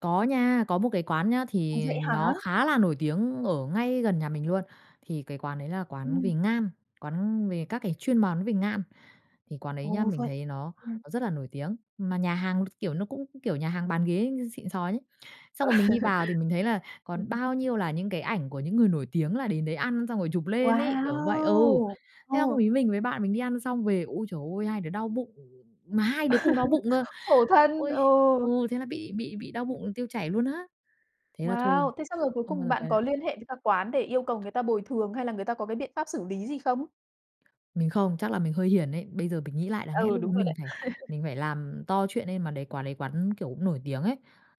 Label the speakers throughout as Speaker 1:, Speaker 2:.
Speaker 1: Có nha, có một cái quán nhá
Speaker 2: Ồ.
Speaker 1: thì
Speaker 2: Vậy
Speaker 1: nó
Speaker 2: hả?
Speaker 1: khá là nổi tiếng ở ngay gần nhà mình luôn. Thì cái quán đấy là quán về
Speaker 2: Ừm.
Speaker 1: ngan, quán về các cái chuyên món về ngan. Thì quán đấy nhá,
Speaker 2: Ồ,
Speaker 1: mình
Speaker 2: vậy
Speaker 1: thấy nó
Speaker 2: ừm.
Speaker 1: nó rất là nổi tiếng, mà nhà hàng, kiểu, nó cũng, kiểu, nhà hàng bán ghế xịn xò nhé.
Speaker 2: Ừ.
Speaker 1: Xong rồi mình đi vào thì mình thấy là
Speaker 2: Ừm,
Speaker 1: còn
Speaker 2: ừm.
Speaker 1: bao nhiêu là những cái ảnh của những người nổi tiếng là đến đấy ăn xong rồi chụp lên ấy, kiểu như vậy. Ừ.
Speaker 2: Wow!
Speaker 1: Thế xong
Speaker 2: Ờ.
Speaker 1: hôm ấy mình với bạn mình đi ăn xong về, ôi trời ơi, hai đứa đau bụng, mà hai đứa cùng đau bụng cơ.
Speaker 2: Khổ thân,
Speaker 1: Ôi,
Speaker 2: ừ.
Speaker 1: ừ, thế là bị bị bị đau bụng tiêu chảy luôn á. Thế là thôi,
Speaker 2: Wow! Thế xong rồi cuối
Speaker 1: không bao
Speaker 2: cùng
Speaker 1: giờ
Speaker 2: bạn
Speaker 1: quay
Speaker 2: có
Speaker 1: lại.
Speaker 2: liên hệ với cả quán để yêu cầu người ta bồi thường, hay là người ta có cái biện pháp xử lý gì không?
Speaker 1: Mình không, chắc là mình hơi hiển ấy. Bây giờ mình nghĩ lại đáng lẽ
Speaker 2: Ừ,
Speaker 1: lúc đó
Speaker 2: đúng rồi đấy.
Speaker 1: mình phải mình phải làm to chuyện lên. Mà đấy quán đấy quán, kiểu, cũng nổi tiếng ấy,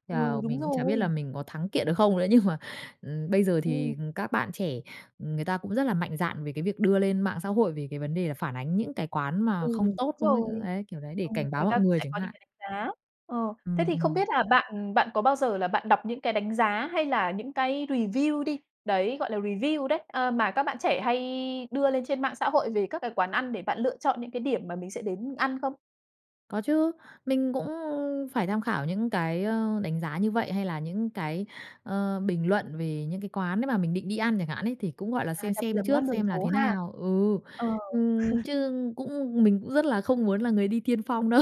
Speaker 1: thế
Speaker 2: Ừ,
Speaker 1: là
Speaker 2: đúng
Speaker 1: mình cũng chả biết là
Speaker 2: rồi.
Speaker 1: mình có thắng kiện được không nữa. Nhưng mà, ừm, bây giờ
Speaker 2: Ừm.
Speaker 1: thì, ừm, các bạn trẻ, ừm, người ta cũng rất là mạnh dạn về cái việc đưa lên mạng xã hội, về cái vấn đề là phản ánh những cái quán
Speaker 2: Ừ,
Speaker 1: mà không
Speaker 2: đúng
Speaker 1: tốt không ấy,
Speaker 2: rồi.
Speaker 1: đấy, kiểu đấy, để
Speaker 2: Ừm,
Speaker 1: cảnh báo
Speaker 2: người ta
Speaker 1: mọi
Speaker 2: cũng
Speaker 1: người
Speaker 2: sẽ
Speaker 1: chẳng
Speaker 2: có những
Speaker 1: hạn.
Speaker 2: cái đánh giá. Ờ. Thế
Speaker 1: Ừm,
Speaker 2: thì không
Speaker 1: ừm.
Speaker 2: biết là bạn bạn có bao giờ là bạn đọc những cái đánh giá, hay là những cái review đi, đấy, gọi là, review đấy, ờ, mà các bạn trẻ hay đưa lên trên mạng xã hội về các cái quán ăn để bạn lựa chọn những cái điểm mà mình sẽ đến ăn không?
Speaker 1: Có chứ, mình cũng, ưm, phải tham khảo những cái, ơ, đánh giá như vậy, hay là những cái, ơ, bình luận về những cái quán đấy mà mình định đi ăn chẳng hạn ấy, thì cũng, gọi là,
Speaker 2: À,
Speaker 1: xem
Speaker 2: đặc biệt
Speaker 1: xem
Speaker 2: là món
Speaker 1: trước
Speaker 2: ăn đường
Speaker 1: xem là
Speaker 2: phố
Speaker 1: thế
Speaker 2: ha?
Speaker 1: nào. Ừ,
Speaker 2: Ờ.
Speaker 1: ừm, chứ cũng mình cũng rất là không muốn là người đi tiên phong đâu.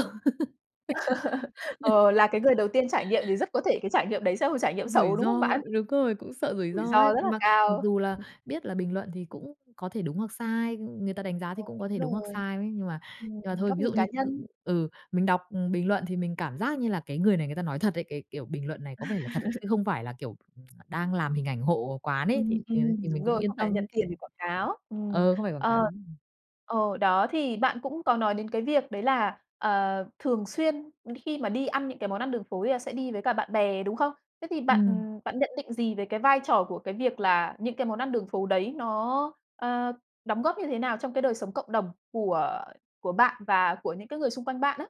Speaker 2: Ờ, là cái người đầu tiên trải nghiệm thì rất có thể cái trải nghiệm đấy sẽ là một trải nghiệm
Speaker 1: Rủi
Speaker 2: xấu, đúng không
Speaker 1: ro,
Speaker 2: bạn?
Speaker 1: đúng rồi, cũng sợ rủi
Speaker 2: Rủi
Speaker 1: ro
Speaker 2: ro
Speaker 1: ấy.
Speaker 2: rất là
Speaker 1: Mà mặc
Speaker 2: cao.
Speaker 1: dù là biết là bình luận thì cũng có thể đúng hoặc sai, ưm, người ta đánh giá
Speaker 2: Ờ,
Speaker 1: thì cũng có thể đúng
Speaker 2: đúng
Speaker 1: hoặc
Speaker 2: rồi.
Speaker 1: sai đấy, nhưng mà
Speaker 2: Ừm,
Speaker 1: nhưng mà thôi,
Speaker 2: góc
Speaker 1: ví
Speaker 2: nhìn
Speaker 1: dụ
Speaker 2: cá
Speaker 1: như c
Speaker 2: nhân.
Speaker 1: ừ, mình đọc bình luận thì mình cảm giác như là cái người này người ta nói thật ấy, cái, kiểu, bình luận này có vẻ là thật chứ không phải là, kiểu, đang làm hình ảnh hộ quán ấy thì,
Speaker 2: Ừm,
Speaker 1: ừ,
Speaker 2: ừm,
Speaker 1: thì
Speaker 2: đúng
Speaker 1: mình cũng
Speaker 2: rồi,
Speaker 1: yên
Speaker 2: không phải là
Speaker 1: tâm
Speaker 2: nhận tiền để quảng cáo. Ừm.
Speaker 1: ừ, không phải quảng cáo.
Speaker 2: Ờ, ờ, đó, thì bạn cũng có nói đến cái việc đấy là, ờ, thường xuyên đ khi mà đi ăn những cái món ăn đường phố thì là sẽ đi với cả bạn bè, đúng không? Thế thì bạn
Speaker 1: Ừm.
Speaker 2: bạn nhận định gì về cái vai trò của cái việc là những cái món ăn đường phố đấy nó, ờ, đóng góp như thế nào trong cái đời sống cộng đồng của của bạn và của những cái người xung quanh bạn á?